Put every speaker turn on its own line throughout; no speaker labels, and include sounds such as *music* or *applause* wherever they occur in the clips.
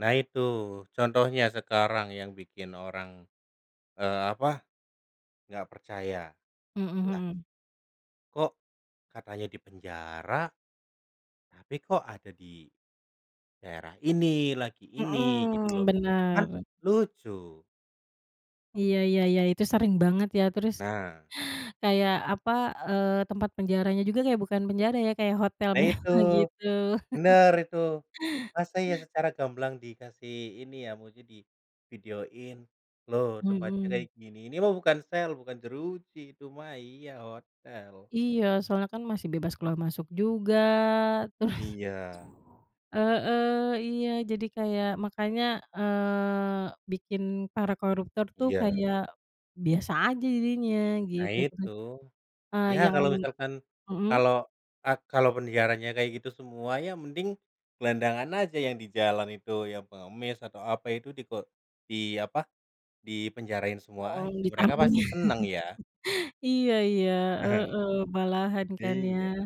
Nah, itu contohnya sekarang yang bikin orang, eee, apa, nggak percaya.
Mhm
Lah
mhm.
kok katanya dipenjara, tapi kok ada di daerah ini, lagi ini. Gitu,
Mhm,
loh. Kan
bener.
lucu.
Iya iya iya. Itu sering banget, ya. Terus,
Nah.
kayak, apa, eee, tempat penjaranya juga kayak bukan penjara ya, kayak hotel
Nah, itu.
mewah, gitu.
Bener,
*laughs*
itu. Masa iya secara gamblang dikasih ini ya, maksudnya divideoin, loh, tempatnya kayak
Mhm.
gini. Ini mah bukan sel, bukan jeruji itu mah, iya, hotel.
Iya. Soalnya kan masih bebas keluar masuk juga. Terus
Iya.
heeh, iya. Jadi, kayak makanya, eee, bikin para koruptor tuh
Iya.
kayak biasa aja jadinya,
Nah,
gitu.
itu.
Terus, eee,
Ya,
yang
kalau misalkan
mhm?
kalau, eee, kalau penjaranya kayak gitu semuanya mending gelandangan aja yang di jalan itu, yang pengemis atau apa itu diko di apa, dipenjarain semua
Mhm.
aja, mereka
Ditampung, ya.
pasti seneng, ya.
*chuckles* Iya iya, heeh.
*chuckles*
Malahan, kan, ya.
Iya.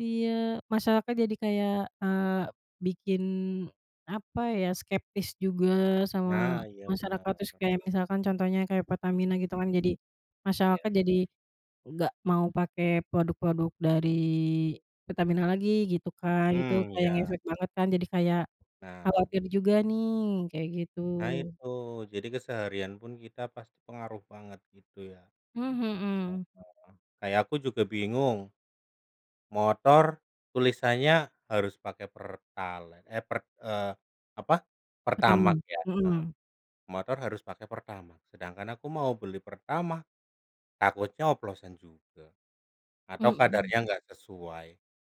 Iya. Masyarakat jadi kayak, eee, bikin, apa ya, skeptis juga sama
Nah, iya, benar.
masyarakat, terus kayak misalkan contohnya kayak Pertamina gitu kan,
Mmm.
jadi masyarakat
Iya.
jadi nggak mau pakai produk-produk dari Pertamina lagi, gitu, kan. Itu
Hmm,
kayak
iya.
ngefek banget kan, jadi kayak
Nah.
khawatir juga nih, kayak gitu.
Nah, itu. Jadi, keseharian pun kita pasti pengaruh banget, gitu, ya.
Mmm, mhm.
Heeh. Kayak aku juga bingung, motor tulisannya harus pakai pertalite, eh per eee, apa, pertamax,
Pertamax?
ya. Heeh.
Mhm.
Motor harus pakai pertamax, sedangkan aku mau beli pertamax, takutnya oplosan juga. Atau
Mhm.
kadarnya nggak sesuai.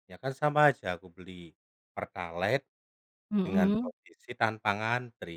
Ya, kan sama aja, aku beli pertalite, dengan
Mhm.
posisi tanpa ngantri.